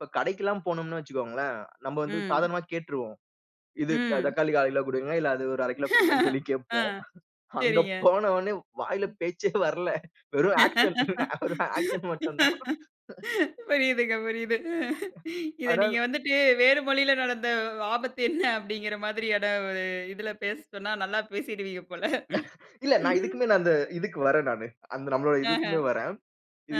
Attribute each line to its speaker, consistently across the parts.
Speaker 1: இப்ப கடைக்குலாம் போணும்னு வச்சுக்கோங்களேன். நம்ம வந்து
Speaker 2: ம்.
Speaker 1: சாதாரணமா கேட்டுருவோம். இது க
Speaker 2: ம்.
Speaker 1: தக்காளி 1/4 கிலோ குடுங்க. இல்ல அது ஒரு 1/2 கிலோ குடுங்கன்னு சொல்லி
Speaker 2: அ.
Speaker 1: கேப்போம். அங்க
Speaker 2: செரிங்க.
Speaker 1: போன ஒன்னே வாயில பேச்சே வரல. வெறும் ஆக்ஷ்ன் ஆக்ஷ்ன் மட்டும் தான்.
Speaker 2: புரியுதுங்க புரியுது. இத நீங்க
Speaker 1: அதான்.
Speaker 2: வந்துட்டு வேறு மொழியில நடந்த ஆபத்து என்ன அப்படிங்கிற மாதிரியான ஒரு இதுல பேச சொன்னா நல்லா பேசிடுவீங்க போல.
Speaker 1: இல்ல நான் இதுக்குமேல நான் அந்த இதுக்கு வரன் நானு. அந்த நம்மளோட
Speaker 2: ஆஹா.
Speaker 1: இதுக்குமே வரன். இது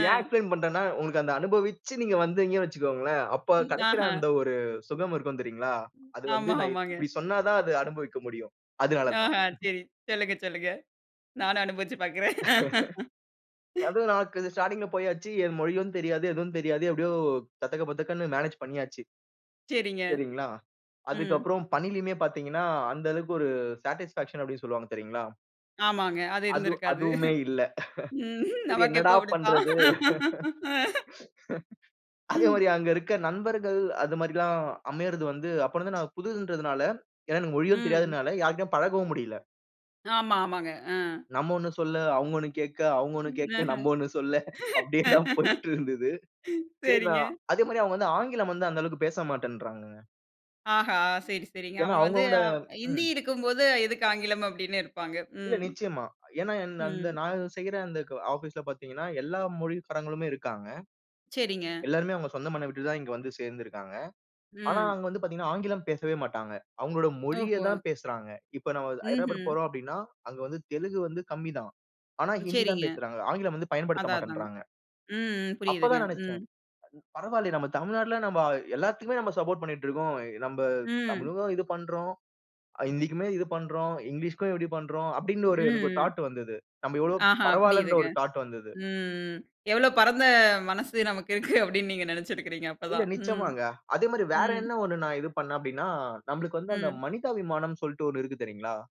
Speaker 2: அ.
Speaker 1: ஏன் எக்ஸ்பிலைன் பண்றன்னா உங்களுக்கு அந்த அனுபவிச்சு நீங்க வந்தீங்க வச்சுக்கோங்களேன். அப்ப கெடைக்கிற
Speaker 2: ஆஹா.
Speaker 1: அந்த ஒரு சுகம் இருக்கும் தெரியுங்களா? அது வந்து
Speaker 2: ஆமா
Speaker 1: நான்
Speaker 2: ஆமாங்க.
Speaker 1: இப்டி சொன்னாதான் அது அனுபவிக்க முடியும். அதனாலதான்.
Speaker 2: ஆஹா சரி. சொல்லுங்க, சொல்லுங்க. நானும் அனுபவுச்சு பாக்கறேன்.
Speaker 1: அதுவும் நமக்கு ஸ்டார்ட்டிங்குள போயாச்சு. மொழியும் தெரியாது, எதுவும் தெரியாது. எப்படியோ தத்தக்க பத்தக்கன்னு மேனேஜ் பண்ணியாச்சு.
Speaker 2: சரிங்க.
Speaker 1: சரிங்களா.
Speaker 2: ம்.
Speaker 1: அதுக்கப்புறம் பணிலையுமே பாத்தீங்கன்னா, அந்த அளவுக்கு ஒரு சாட்டிஸ்பேக்ஷன் அப்டின்னு சொல்லுவாங்க தெரியுங்களா?
Speaker 2: ஆமாங்க. அது
Speaker 1: அதுவ்
Speaker 2: இருந்திருக்காது.
Speaker 1: அதுவுமே இல்ல.
Speaker 2: ம்.
Speaker 1: சரி என்னடா
Speaker 2: நமக்கெப்போ இப்படித்தான்.
Speaker 1: பண்றது? அதே மாரி
Speaker 2: ம்.
Speaker 1: அங்க இருக்க நண்பர்கள் அது மாதிரிலாம் அமையறது வந்து, அப்பலருந்து நான் புதுதுன்றதுனால ஏன்னா எனக்கு மொழியும்
Speaker 2: ம்.
Speaker 1: தெரியாதுனால யார்கிட்டையும் பழகவும் முடில.
Speaker 2: ஆமா, ஆமாங்க. அ.
Speaker 1: நம்ம ஒண்ணு சொல்ல, அவங்க ஒண்ணு கேக்க, அவங்க ஒண்ணு கேக்க,
Speaker 2: ஆஹா.
Speaker 1: நம்ப ஒண்ணு சொல்ல. அப்டியேதான் போயிட்டுருந்தது. சரி
Speaker 2: சரிங்க.
Speaker 1: நான் அதே மாரி அவங்க வந்து ஆங்கிலம் வந்து அந்த அளவுக்கு பேச மாட்டேன்றாங்க.
Speaker 2: ஆஹா! சரி, சரிங்க.
Speaker 1: ஏன்னா
Speaker 2: அவங்க வந்து
Speaker 1: அவங்களோட
Speaker 2: அ ஹிந்தி
Speaker 1: ம்.
Speaker 2: இருக்கும்போது எதுக்கு ஆங்கிலம் அப்படின்னு
Speaker 1: இல்ல
Speaker 2: இருப்பாங்க.ம்.
Speaker 1: நிச்சயமா. ஏன்னா என்ன அந்த
Speaker 2: ம்.
Speaker 1: நான் செய்ற அந்த ஆபிஸ்ல பாத்தீங்கன்னா, எல்லா மொழிக்காரங்களுமே இருக்காங்க.
Speaker 2: சரிங்க.
Speaker 1: எல்லாருமே அவங்க சொந்த மண்ண விட்டுதான் இங்க வந்து சேர்ந்து இருக்காங்க. ஆனா
Speaker 2: ம்.
Speaker 1: அங்க வந்து பாத்தீங்கன்னா, ஆங்கிலம் பேசவே மாட்டாங்க. அவங்களோட மொழிய
Speaker 2: ஓஹோ.
Speaker 1: தான் பேசறாங்க. இப்ப நம்ம ஹைட்ரபாட்
Speaker 2: ம்ஹ்ம்.
Speaker 1: போறோம் அப்டின்னா, அங்க வந்து தெலுங்கு வந்து கம்மிதான். ஆனா ஹிந்தி தான்
Speaker 2: சரிங்க.
Speaker 1: பேசறாங்க. ஆங்கிலம் வந்து பயன்படுத்த
Speaker 2: அதான், அதாங்க.
Speaker 1: மாட்டேன்றாங்க.
Speaker 2: ம் புரியுதுங்க.
Speaker 1: அப்பதான்
Speaker 2: ம்.
Speaker 1: நெனச்சன். பரவாயில்லயே நம்ம தமிழ்நாட்டுல நம்ப எல்லாத்துக்குமே நம்ம சப்போர்ட் பண்ணிட்டுருக்கோம். நம்ப
Speaker 2: ம்.
Speaker 1: தமிழுக்கும் இது பண்றோம். ஹிந்திக்குமே இது பண்றோம். இங்லீஷ்க்கும் இப்படி பண்றோம். அப்படின்னு ஒரு எனக்கு
Speaker 2: ம்.
Speaker 1: தாட்டு வந்தது. நம்ப எவ்ளோ
Speaker 2: ஆஹா
Speaker 1: பரவால்லன்ற
Speaker 2: புரியுதுங்க.
Speaker 1: ஒரு தாட்டு வந்தது.
Speaker 2: ம், ம். எவ்ளோ பரந்த மனசு நமக்கு இருக்கு அப்டின்னு நீங்க நெனச்சுருக்கிறீங்க
Speaker 1: இல்ல
Speaker 2: அப்பதான். ம்.
Speaker 1: நிச்சயமாங்க. அதே மாரி வேற
Speaker 2: ம்.
Speaker 1: என்ன ஒண்ணு நான் இது பண்ணன் அப்டின்னா, நம்ளுக்கு வந்து அந்த
Speaker 2: ம்.
Speaker 1: மனிதாபிமானம் சொல்ட்டு ஒண்ணு இருக்கு தெரியுங்களா?